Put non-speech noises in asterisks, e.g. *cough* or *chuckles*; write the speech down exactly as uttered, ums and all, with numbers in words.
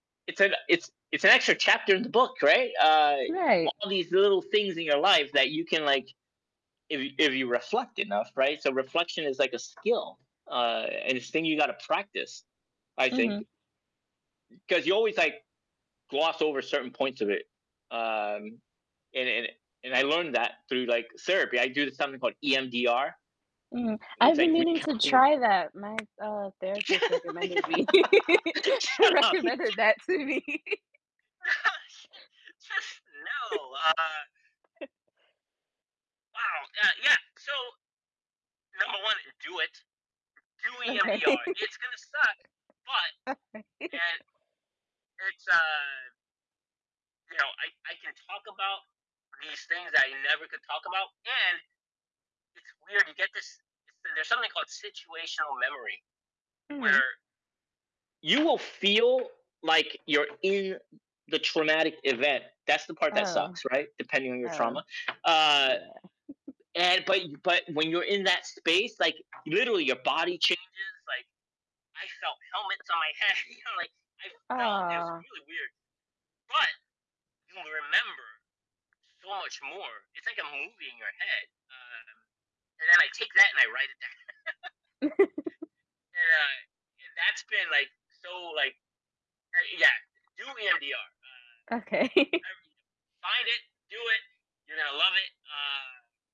It's an it's it's an extra chapter in the book, right? Uh, Right. all these little things in your life that you can, like, if you if you reflect enough, right? So, reflection is like a skill, uh, and it's a thing you gotta practice, I think Mhm. 'cause you always, like, gloss over certain points of it, um, and and and I learned that through, like, therapy. I do something called EMDR, Mhm. which, I've been like, meaning to recounting try that. My, uh, therapist recommended me *laughs* *laughs* Shut up. *laughs* recommended that to me. *laughs* Just No, uh *chuckles* Wow. Yeah, yeah. So number one do it. Do Okay. EMDR. It's gonna suck, but *giggles* *chuckles* and it's, uh you know, I I can talk about these things I never could talk about, and it's weird, you get this it's there's something called situational memory Mhm. where you will feel like you're in the traumatic event. That's the part that Oh. sucks, right? Depending on your Oh, trauma. Uh yeah. *chuckles* and but but when you're in that space, like, literally, your body changes. Like, I felt helmets on my head. You know, like, I felt it was Aw. really weird. But, you will remember so much more. It's like a movie in your head. Uh, and then I take that and I write it down. *laughs* *chuckles* And, uh, y that's been, like, so, like uh, yeah. Do EMDR. Uh Okay. *chuckles* *unintelligible* Find it. Do it. You're gonna love it. Uh